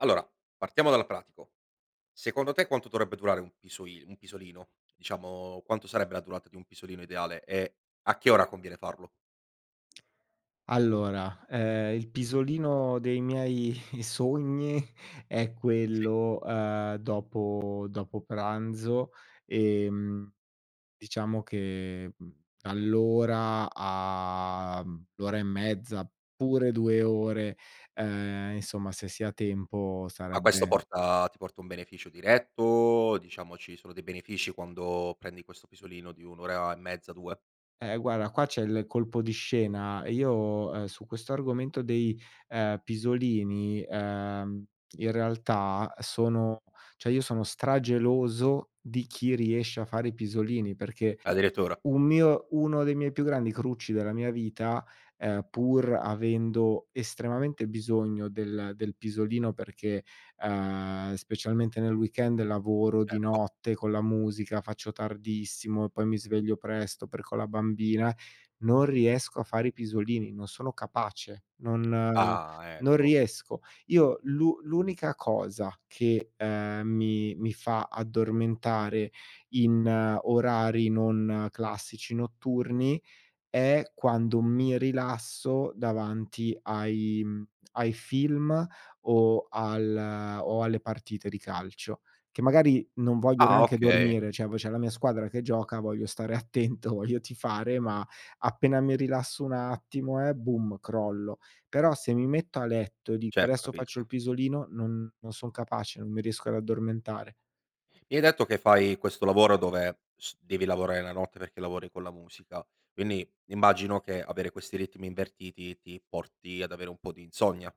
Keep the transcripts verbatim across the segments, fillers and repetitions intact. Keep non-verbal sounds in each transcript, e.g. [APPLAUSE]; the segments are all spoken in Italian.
Allora, partiamo dal pratico. Secondo te quanto dovrebbe durare un pisoin un pisolino? Diciamo quanto sarebbe la durata di un pisolino ideale e a che ora conviene farlo? [SMACKS LIPS] Allora, ehm, il pisolino dei miei [CHUCKLES] sogni è Sì. quello, uhm, dopo dopo pranzo. Ehm, diciamo che, mhmm, all'ora, a mhmm, a l'ora e mezza, pure due ore, ehm, insomma se si ha tempo Ma questo sarebbe porta ti porta un beneficio diretto, diciamo ci sono dei benefici quando prendi questo pisolino di un ora e mezza, due? Eh, guarda qua c'è il colpo di scena: io, ehm, su questo argomento dei, ehm, pisolini, ehm, in realtà sono cioè, io sono strageloso di chi riesce a fare i pisolini. Perché Addirittura? un mio uno dei miei più grandi crucci della mia vita, ehm, pur avendo estremamente bisogno del del pisolino perché, uhm, specialmente nel weekend lavoro di Certo. notte con la musica, faccio tardissimo e poi mi sveglio presto, perché ho la bambina, non riesco a fare i pisolini, non sono capace, non Ah, non ecco. riesco. Io l'u l'unica cosa che, ehm, mi mi fa addormentare in orari non classici notturni, è quando mi rilasso davanti ai, mhmm, ai film o al o alle partite di calcio. Che magari non voglio Ah, neanche okay. dormire, ceh v c'è la mia squadra che gioca, voglio stare attento, voglio tifare, ma appena mi rilasso un attimo, eh, boom, crollo! Però, se mi metto a letto dico: Certo, "Adesso faccio il capisco. pisolino". Non non son capace, non mi riesco ad addormentare. Mi hai detto che fai questo lavoro dove st devi lavorare la notte, perché lavori con la musica, quindi immagino che avere questi ritmi invertiti, ti porti ad avere un po' di insonnia?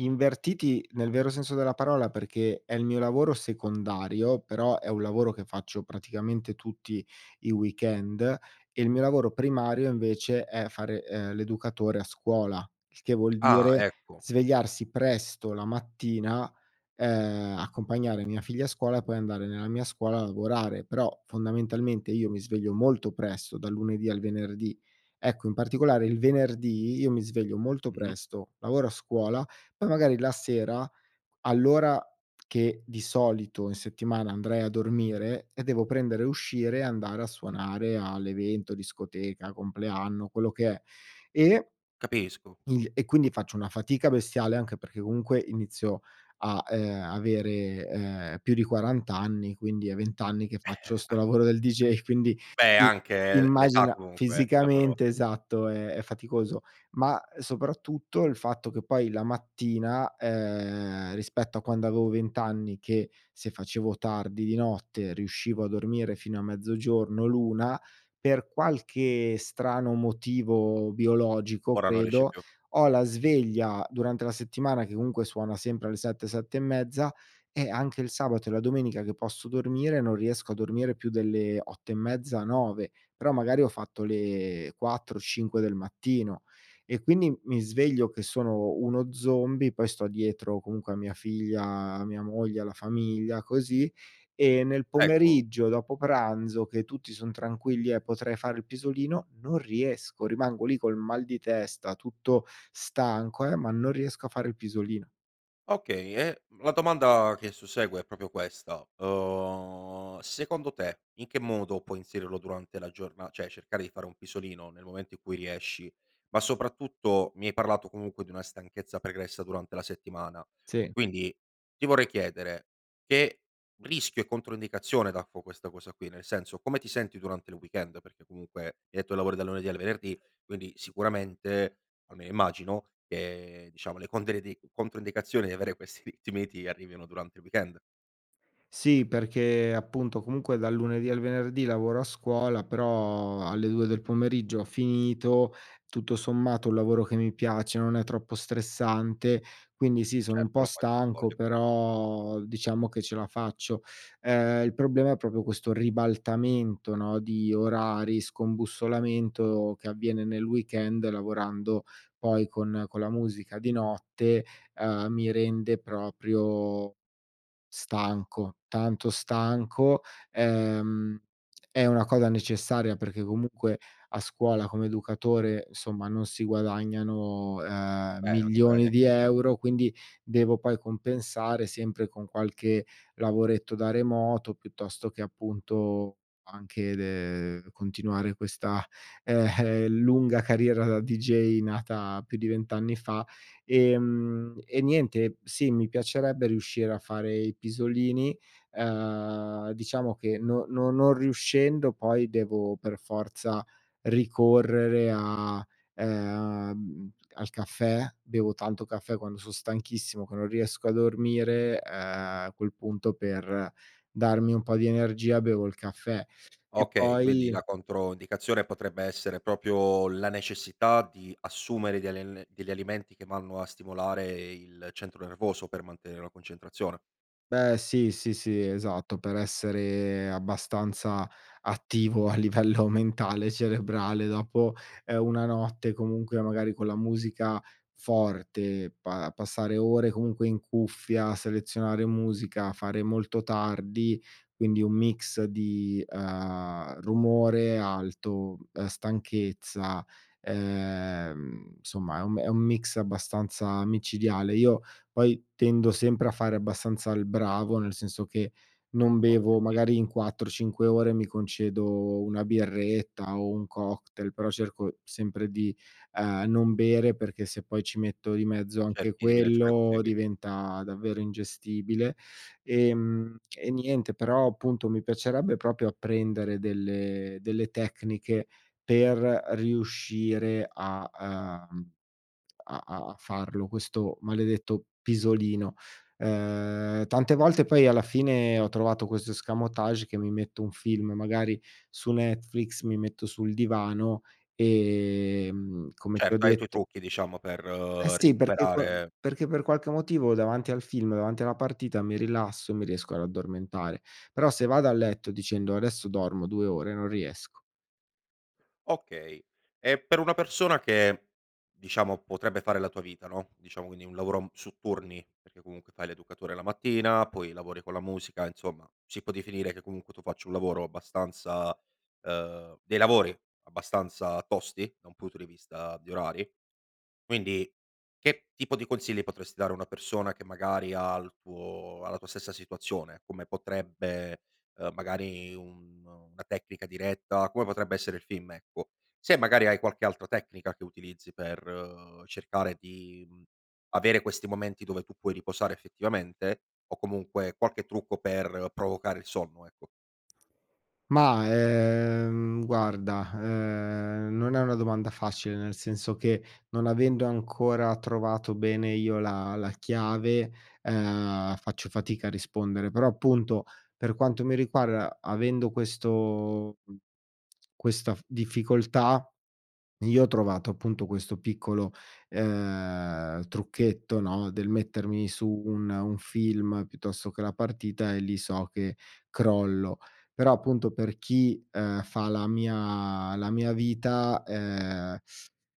Invertiti, nel vero senso della parola, perché è il mio lavoro secondario, però è un lavoro che faccio praticamente tutti i weekend. E il mio lavoro primario, invece, è fare, ehm, l'educatore a scuola. Il che vuol Ah, dire ecco. svegliarsi presto la mattina, ehm, accompagnare mia figlia a scuola e poi andare nella mia scuola a lavorare, però fondamentalmente, io mi sveglio molto presto dal lunedì al venerdì. Ecco, in particolare il venerdì io mi sveglio molto Mh-mh. presto, lavoro a scuola, poi magari la sera, all'ora che di solito in settimana andrei a dormire, eh, devo prendere e uscire e andare a suonare all'evento, discoteca, compleanno, quello che è, e Capisco. il e quindi faccio una fatica bestiale, anche perché comunque inizio a, ehm, avere, ehm, più di quarant anni, quindi è vent anni che faccio sto [CHUCKLES] lavoro del DJ! Quindi, Beh, i anche l l'età immagina comunque, il lavoro fisicamente esatto, ehm, è faticoso. Ma soprattutto il fatto che poi la mattina, ehm, rispetto a quando avevo vent anni che se facevo tardi di notte riuscivo a dormire fino a mezzogiorno l'una. Per qualche strano motivo biologico Ora non riesci credo, più? ho la sveglia durante la settimana che comunque suona sempre alle sette, sette e mezza. Eh, anche il sabato e la domenica che posso dormire non riesco a dormire più delle otto e mezza, nove. Però magari ho fatto le quattro cinque del mattino e quindi, mhmm, mi sveglio che sono uno zombie. Poi sto dietro comunque a mia figlia, a mia moglie, alla famiglia, così, e nel Ecco. pomeriggio dopo pranzo che tutti son tranquilli e potrei fare il pisolino non riesco, rimango lì col mal di testa tutto stanco, eh, ma non riesco a fare il pisolino. Okay. E la domanda che sussegue è propio questa. Uhm, secondo te, in che modo puoi inserirlo durante la giorna ceh, cercare di fare un pisolino, nel momento in cui riesci? Ma soprattutto, mi hai parlato comunque, di una stanchezza pregressa durante la settimana, Sì. quindi ti vorrei chiedere, che rischio e controindicazione daffo questa cosa qui? Nel senso, come ti senti durante il weekend? Perché comunque hai detto che lavori dal lunedì al venerdì, quindi sicuramente, almeno immagino, che diciamo le controindi le controindicazioni di avere questi ritmi, ti arrivino durante il weekend. Sì, perché appunto, comunque dal lunedì al venerdì lavoro a scuola, però alle due del pomeriggio ho finito. Tutto sommato, ho un lavoro che mi piace, non è troppo stressante quindi sì, sono un Certo, po' lo fai con stanco, voglia però diciamo che ce la faccio. Ehm, il problema è propio questo ribaltamento, no, di orari, scombussolamento che avviene nel weekend lavorando poi con con la musica di notte, uhm, mi rende proprio stanco, tanto stanco, ehm, è una cosa necessaria perché comunque a scuola come educatore, insomma, non si guadagnano, uhm, Beh, non si milioni guadagna di chissà che. euro, quindi devo poi compensare sempre con qualche lavoretto da remoto, piuttosto che appunto anche de ehm, continuare questa, ehm, [CHUCKLES] lunga carriera da DJ nata più di vent anni fa. Ehm, e niente sì, mi piacerebbe riuscire a fare i pisolini, uhm, diciamo che no no non riuscendo poi, devo per forza ricorrere a, ehm, al caffè. Bevo tanto caffè quando son stanchissimo che non riesco a dormire, uhm, a quel punto per darmi un po' di energia, bevo il caffè e Okay, quindi poi la controindicazione potrebbe essere propio la necessità di assumere degli al degli alimenti che vanno a stimolare il centro nervoso per mantenere la concentrazione. Beh, sì, sì, sì. Esatto, per essere abbastanza attivo a livello mentale, cerebrale dopo, ehm, una notte comunque magari con la musica forte, pa passare ore comunque in cuffia, a selezionare musica, fare molto tardi, quindi un mix di, uhm, rumore alto, uhm, stanchezza, ehm, nsomma è un è un mix abbastanza micidiale. Io poi tendo sempre a fare abbastanza il bravo, nel senso che non bevo, Okay. magari in quattro cinque ore mi concedo una birretta o un cocktail, però cerco sempre di, uhm, non bere, perché se poi ci metto di mezzo anche Cerchi di bilanciare questi quello quindi. diventa davvero ingestibile. Ehm, e niente però appunto, mi piacerebbe propio apprendere delle delle tecniche per riuscire a, uhm, a a a farlo questo maledetto pisolino. Ehm, tante volte poi, alla fine ho trovato questo escamotage: che mi metto un film magari su Netflix, mi metto sul divano, ehm, come ti ho Certo, hai i tuoi detto trucchi, diciamo per E sì, perché co recuperare. perché per qualche motivo, davanti al film, davanti alla partita, mi rilasso, mi riesco ad addormentare. Però se vado a letto dicendo: "Adesso dormo due ore". Non riesco. Okay. E per una persona che diciamo potrebbe fare la tua vita, no, diciamo quindi un lavoro su turni, perché comunque fai l'educatore la mattina, poi lavori con la musica, insomma si può definire che comunque tu faccio un lavoro abbastanza, ehm, dei lavori abbastanza tosti, da un punto di vista di orari. Quindi, che tipo di consigli potresti dare a una persona che magari ha il tuo ha la tua stessa situazione? Come potrebbe, ehm, magari un, mhmm, una tecnica diretta, come potrebbe essere il film, ecco? Se magari hai qualche altra tecnica che utilizzi per cercare di, mhmm, avere questi momenti dove tu puoi riposare effettivamente o comunque qualche trucco per provocare il sonno, ecco? Mah, ehm, guarda, ehm, non è una domanda facile, nel senso che non avendo ancora trovato bene io la la chiave, ehm, faccio fatica a rispondere. Però, appunto, per quanto mi riguarda avendo questo, mhmm, questa f difficoltà, io ho trovato appunto questo piccolo, ehm, trucchetto, no, del mettermi su un un film, piuttosto che la partita e lì so che crollo. Però appunto per chi, ehm, fa la mia la mia vita, ehm,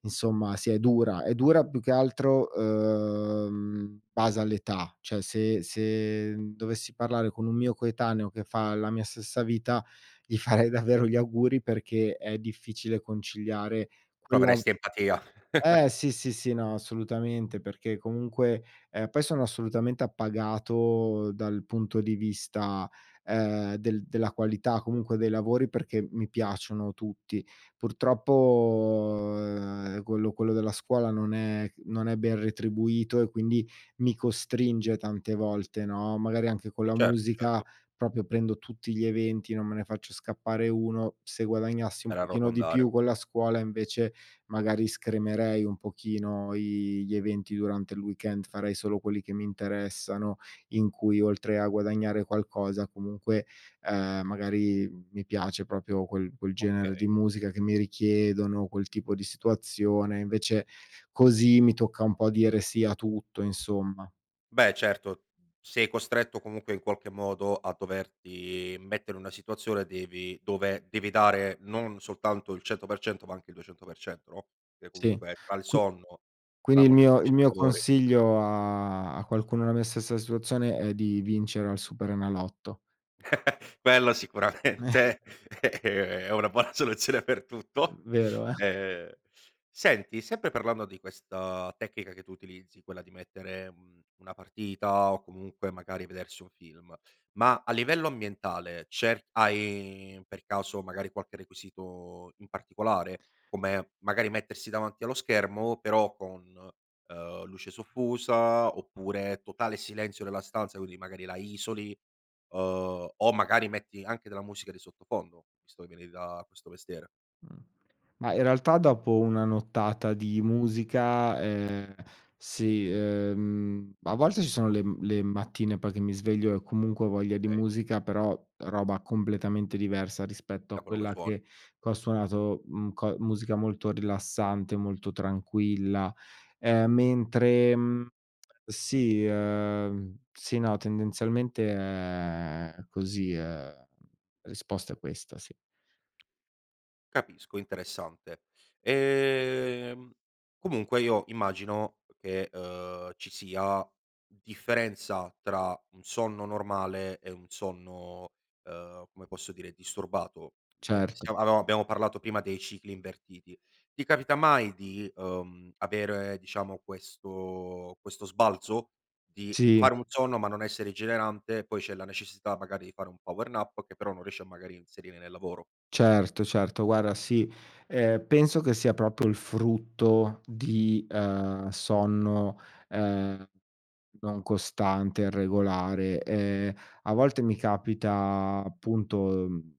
insomma, sì, è dura! È dura più che altro, uhm, in base all'età, ceh se se dovessi parlare con un mio coetaneo che fa la mia stessa vita, gli farei davvero gli auguri, perché è difficile conciliare quella Proveresti empatia. eh, [CHUCKLES] sì, sì, sì, no, assolutamente! Perché comunque, ehm, poi sono assolutamente appagato dal punto di vista, ehm, del della qualità, comunque dei lavori perché mi piacciono tutti. Purtroppo, ehm, quello quello della scuola non è non è ben retribuito e quindi, mi costringe tante volte, no, magari anche con la Certo, musica certo. propio, prendo tutti gli eventi, non me ne faccio scappare uno. Se guadagnassi un Per pochino di arrotondare, più con okay. la scuola, invece magari scremerei un pochino i gli eventi durante il weekend, farei solo quelli che mi interessano, in cui oltre a guadagnare qualcosa comunque, ehm, magari mi piace propio quel quel genere Okay. di musica che mi richiedono, quel tipo di situazione, invece così mi tocca un po' dire sì a tutto, insomma. Beh, certo. Sei costretto comunque in qualche modo a doverti mettere in una situazione, devi dove devi dare non soltanto il cento per cento, ma anche il duecento per cento, no, che Sì, comunque, tra il qui sonno, quindi la il mio il molteplicità di mio lavori consiglio, a a qualcuno nella mia stessa situazione è di vincere al superenalotto. [CHUCKLES] Quello [CHUCKLES] sicuramente, ehm, è una buona soluzione per tutto. Vero, eh? Ehm, senti sempre parlando di questa tecnica che tu utilizzi, quella di mettere, mhmm, una partita o comunque magari vedersi un film, ma a livello ambientale c'è hai per caso magari qualche requisito in particolare? Come magari mettersi davanti allo schermo però con, uhm, luce soffusa, oppure totale silenzio nella stanza, quinni magari la isoli, uhm, o magari metti anche della musica di sottofondo? Visto che vieni da questo mestiere. Mh, ma in realtà dopo una nottata di musica, ehm, sì, ehm, a volte ci sono le le mattine poi, che mi sveglio e comunque ho voglia di Okay. musica, però roba completamente diversa rispetto Da a quello che quella suoni. che che ho suonato, mhmm, co musica molto rilassante, molto tranquilla. Ehm, mentre, mhmm, sì, uhm, sì, no, tendenzialmente, ehm, è così, ehm, la risposta è questa, sì. Capisco. Interessante. Ehm, comunque io immagino, uhm, che, uhm, ci sia differenza tra un sonno normale e un sonno, uhm, come posso dire, disturbato, ehm, Certo. siam ab abbiamo parlato prima dei cicli invertiti. Ti capita mai di, uhm, avere diciamo questo questo sbalzo? Di Sì. fare un sonno, ma non essere rigenerante, e poi c'è la necessità magari di fare un power nap che però non riesce a magari inserire nel lavoro? Certo, certo, guarda sì. Ehm, penso che sia propio il frutto di, uhm, sonno, ehm, non costante, irregolare. Ehm, a volte mi capita appunto, mhmm,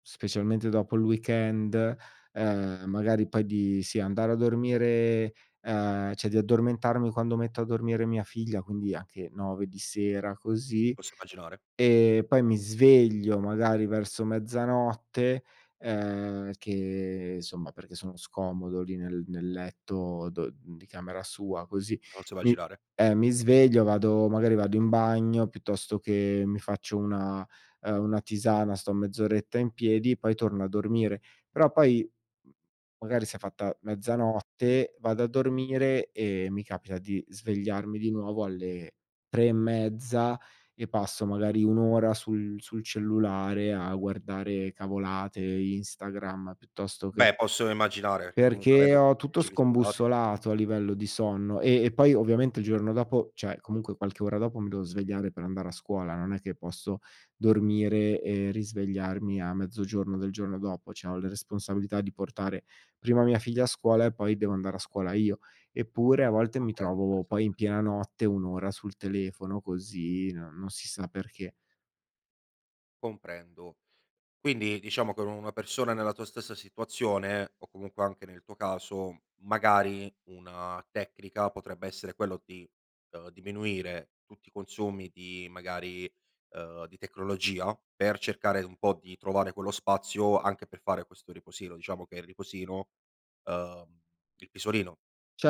specialmente dopo il weekend, ehm, magari poi, di sì, andare a dormire, uhm, ceh di addormentarmi quando metto a dormire mia figlia, quindi anche nove di sera, così. Posso immaginare. Ehm, poi mi sveglio magari verso mezzanotte, ehm, che isomma perché sono scomodo lì nel nel letto do di camera sua, così. Posso Mi immaginare. eh, mi sveglio, vado magari vado in bagno, piuttosto che mi faccio una, uhm, una tisana sto mezz'oretta in piedi, poi torno a dormire. Però poi, mhmm, magari si è fatta mezzanotte, vado a dormire e mi capita di svegliarmi di nuovo alle tre e mezza e passo magari un ora sul sul cellulare a guardare cavolate, Instagram, piuttosto che Beh, posso immaginare, che comunque perché avendo ho tutti i tutto cicli sballati scombussolato a livello di sonno. Ehm, e poi ovviamente il giorno dopo, cioè comunque qualche ora dopo, mi devo svegliare per andare a scuola, non è che posso dormire e risvegliarmi a mezzogiorno del giorno dopo, ceh ho le responsabilità di portare prima mia figlia a scuola e poi devo andare a scuola io. Eppure a volte mi Comprendo, trovo poi, interessante. in piena notte un ora sul telefono così, no non si sa perché. Comprendo, quindi diciamo che u una persona nella tua stessa situazione o comunque anche nel tuo caso, magari una tecnica potrebbe essere quello di, uhm, diminuire tutti i consumi di magari, uhm, di tecnologia per cercare un po' di trovare quello spazio anche per fare questo riposino? Diciamo che il riposino, uhm, il pisolino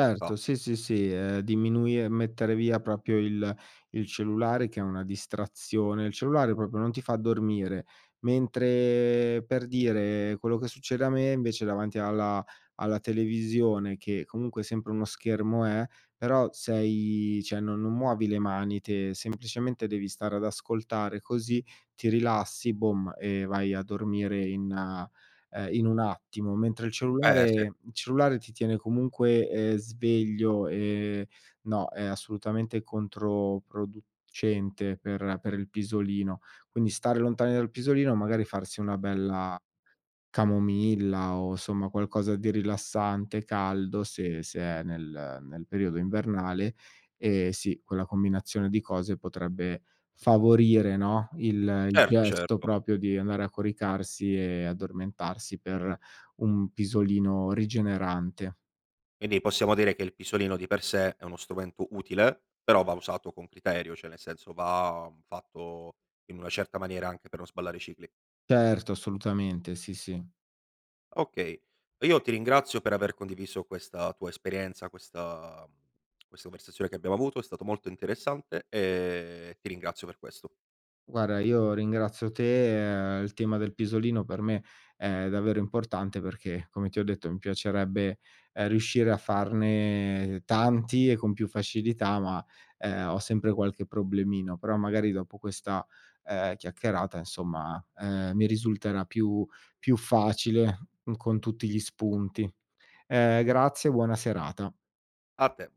in realtà. Sì, sì, sì. Ehm, diminui e mettere via propio il il cellulare che è una distrazione. Il cellulare propio non ti fa dormire. Mentre, per dire, quello che succede a me invece, davanti alla alla televisione, che comunque sempre uno schermo è, però sei, ceh non non muovi le mani te, semplicemente devi stare ad ascoltare, così ti rilassi, bom, e vai a dormire in, ehm, in un attimo. Mentre il Eh, cellulare sì. il cellulare ti tiene comunque, ehm, sveglio, ehm, no, è assolutamente controproducente per per il pisolino. Quindi stare lontani dal pisolino, magari farsi una bella camomilla o insomma qualcosa di rilassante, caldo, se se è nel nel periodo invernale, ehm, sì quella combinazione di cose potrebbe favorire, no, il il Certo, gesto certo. propio di andare a coricarsi e addormentarsi per un pisolino rigenerante. Quindi possiamo dire che il pisolino di per sé è uno strumento utile, però va usato con criterio, ceh nel senso va, mhmm, fatto in una certa maniera anche per non sballare i cicli. Certo, assolutamente. Sì, sì. Okay. Io ti ringrazio per aver condiviso questa tua esperienza, questa, mhmm, questa conversazione che abbiamo avuto, è stato molto interessante, ehm, ti ringrazio per questo. Guarda io ringrazio te, ehm, il tema del pisolino per me è davvero importante, perché come ti ho detto mi piacerebbe, ehm, riuscire a farne tanti e con più facilità ma, ehm, ho sempre qualche problemino. Però magari dopo questa, ehm, chiacchierata insomma, ehm, mi risulterà più più facile con tutti gli spunti. Ehm, grazie e buona serata. A te.